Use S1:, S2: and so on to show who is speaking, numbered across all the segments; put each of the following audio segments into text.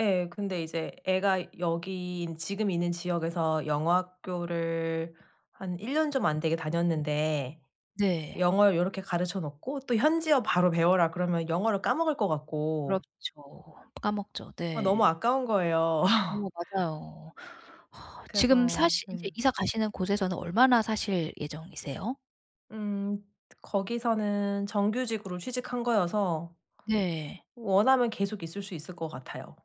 S1: 예. 근데 이제 애가 여기 있 지금 있는 지역에서 영어 학교를 한 1 년 좀 안 되게 다녔는데
S2: 네.
S1: 영어를 요렇게 가르쳐 놓고 또 현지어 바로 배워라 그러면 영어를 까먹을 것 같고.
S2: 그렇죠. 까먹죠.
S1: 아 너무
S2: 네.
S1: 아까운 거예요.
S2: 어머 맞아요. 지금
S1: 그래서
S2: 사시 이제
S1: 네.
S2: 이사 가시는 곳에서는 얼마나 사실 예정이세요?
S1: 음. 거기서는 정규직으로 취직한 거여서
S2: 네.
S1: 원하면 계속 있을 수 있을 것 같아요.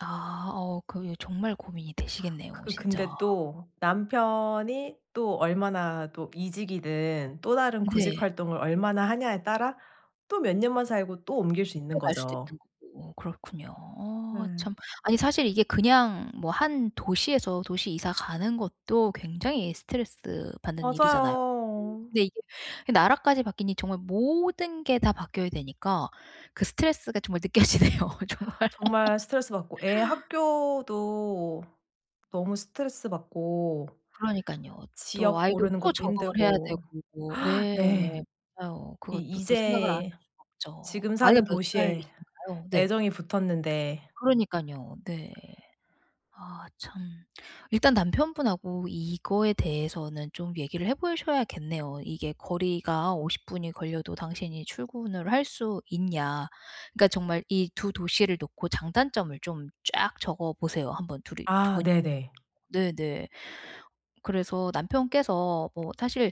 S2: 아. 어 그 예 정말 고민이 되시겠네요,
S1: 그
S2: 진짜.
S1: 근데 또 남편이 또 얼마나 또 이직이든 또 다른 구직
S2: 네.
S1: 활동을 얼마나 하냐에 따라 또 몇 년만 살고 또 옮길 수
S2: 또 갈 수도
S1: 있는거죠.
S2: 있는 거고 그렇군요. 어
S1: 예.
S2: 참. 아니 사실 이게 그냥 뭐 한 도시에서 도시 이사 가는 것도 굉장히 스트레스 받는 일이잖아요.
S1: 맞아요.
S2: 근데 이게 나라까지 바뀌니 정말 모든 게 다 바뀌어야 되니까 그 스트레스가 정말 느껴지네요, 정말.
S1: 정말 스트레스 받고 애 학교도 너무 스트레스 받고
S2: 그러니깐요. 또
S1: 지역
S2: 아이도
S1: 고르는
S2: 또
S1: 것도
S2: 적응을 해야
S1: 힘들고
S2: 되고 네.
S1: 네.
S2: 맞아요.
S1: 이
S2: 그것도 또 생각을 안 할
S1: 이제
S2: 수가 없죠.
S1: 지금
S2: 아이가
S1: 사는
S2: 몇
S1: 도시에
S2: 살이신가요? 네.
S1: 애정이 붙었는데.
S2: 그러니깐요. 네. 아 참. 일단 남편분하고 이거에 대해서는 좀 얘기를 해 보셔야겠네요. 이게 "거리가 50 분이 걸려도 당신이 출근을 할 수 있냐?" 그러니까 정말 이 2 도시를 놓고 장단점을 좀 쫙 적어 보세요 한 번 2 이 2
S1: 아
S2: 분께서.
S1: 네네.
S2: 네네. 그래서 남편께서 뭐 사실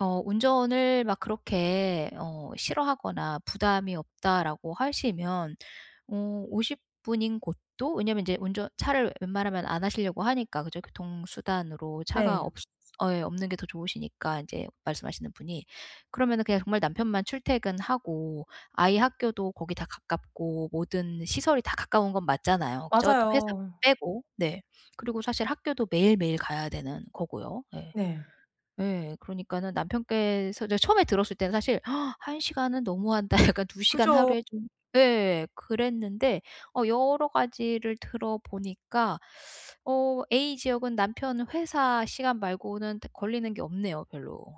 S2: 어 운전을 막 그렇게 어 싫어하거나 부담이 없다라고 하시면 어 50 분인 곳도 왜냐면 이제 운전 차를 웬만하면 안 하시려고 하니까, 그죠? 교통수단으로 차가
S1: 네.
S2: 없이 예, 없는 게 더 좋으시니까 이제 말씀하시는 분이. 그러면은 그냥 정말 남편만 출퇴근하고 아이 학교도 거기 다 가깝고 모든 시설이 다 가까운 건 맞잖아요, 그죠? 회사
S1: 맞아요.
S2: 빼고. 네. 그리고 사실 학교도 매일매일 가야 되는 거고요. 예.
S1: 네.
S2: 예, 그러니까는 남편께서 저 처음에 들었을 때는 사실 '1 시간은 너무한다. 약간 2 시간
S1: 그죠.
S2: 하루에 좀' 예. 그랬는데 어 여러 가지를 들어 보니까 어 A 지역은 남편 회사 시간 말고는 딱 걸리는 게 없네요, 별로.